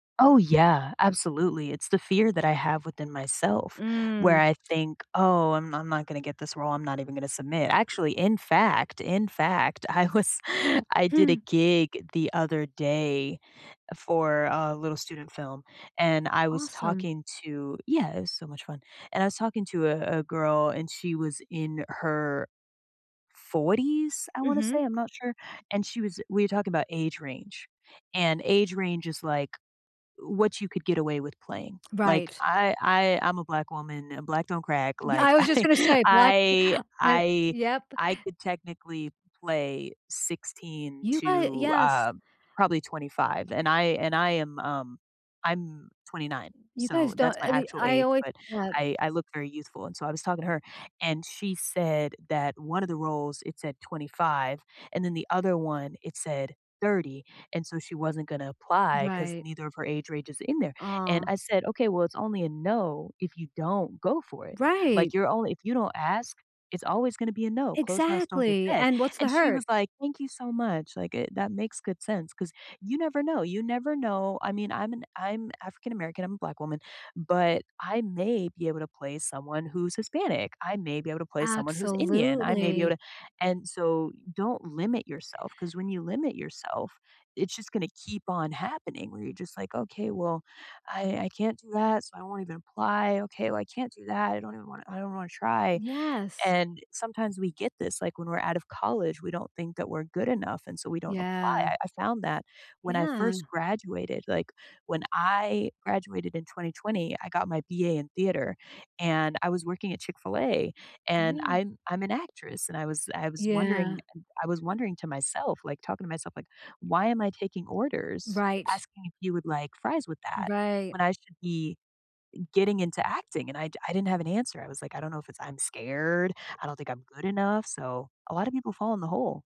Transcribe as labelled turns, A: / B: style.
A: Oh, yeah, absolutely, it's the fear that I have within myself where
B: Mm.
A: I think, "Oh, I'm I'm not gonna get this role, I'm not even gonna submit," actually, in fact in fact, I was I did a
B: Hmm.
A: gig the other day for a little student film, and I was
B: Awesome.
A: talking to yeah, it was so much fun and I was talking to a a girl, and she was in her 40s? I wanna
B: Mhm.
A: say, I'm not sure, and she was we were talking about age range, and age range is, like, w what you could get away with playing, like,
B: Right.
A: I I I'm a black woman, and black don't crack,
B: Yeah,
A: like,
B: I was just
A: I
B: gonna say black
A: I,
B: and
A: I
B: yep.
A: I could technically play 16
B: You got
A: to,
B: yes.
A: uh, probably 25 and I and I am, um I'm 29
B: You
A: so,
B: guys don't
A: that's my
B: any
A: actual
B: I
A: age,
B: always
A: but
B: had
A: I I look very youthful, and so I was talking to her, and she said that one of the roles it said 25 and then the other one it said 30 and so she wasn't gonna apply 'cause
B: Right.
A: neither of her age ranges are in there, and
B: Ah.
A: I said, "Okay, well it's only a no if you don't go for it,
B: Right.
A: like, you're only if you don't ask, it's always gonna be a no, closed mouths don't get
B: Exactly,
A: fed."
B: and what's the
A: And she
B: hurt?
A: was, like, "Thank you so much, like, eh it that makes good sense," 'cause you never know, you never know. I mean, I'm an I'm African American, I'm a black woman, but I may be able to play someone who's Hispanic, I may be able to play someone who's Indian, I may be able
B: Absolutely.
A: to and so don't limit yourself 'cause when you limit yourself, it's just gonna keep on happening where you're just, like, "Okay, well, I I can't do that, so I won't even apply, okay, well, I can't do that, I don't even wanna I don't wanna try,"
B: Yes.
A: and sometimes we get this, like, when we're out of college, we don't think that we're good enough, and so we don't apply,
B: Yeah.
A: I I found that when I first
B: Yeah.
A: graduated, like, when I graduated in 2020, I got my BA in theater, and I was working at Chick-fil-A, and
B: Yeah.
A: I'm I'm an actress, and I was I was wondering
B: Yeah.
A: I I was wondering to myself, like, talking to myself, like, "Why am I taking orders,
B: Right.
A: asking if you would like fries with that
B: Right.
A: when I should be, getting into acting," and I I didn't have an answer, I was, like, "I don't know if it's I'm scared, I don't think I'm good enough," so a lotta people fall in the hole.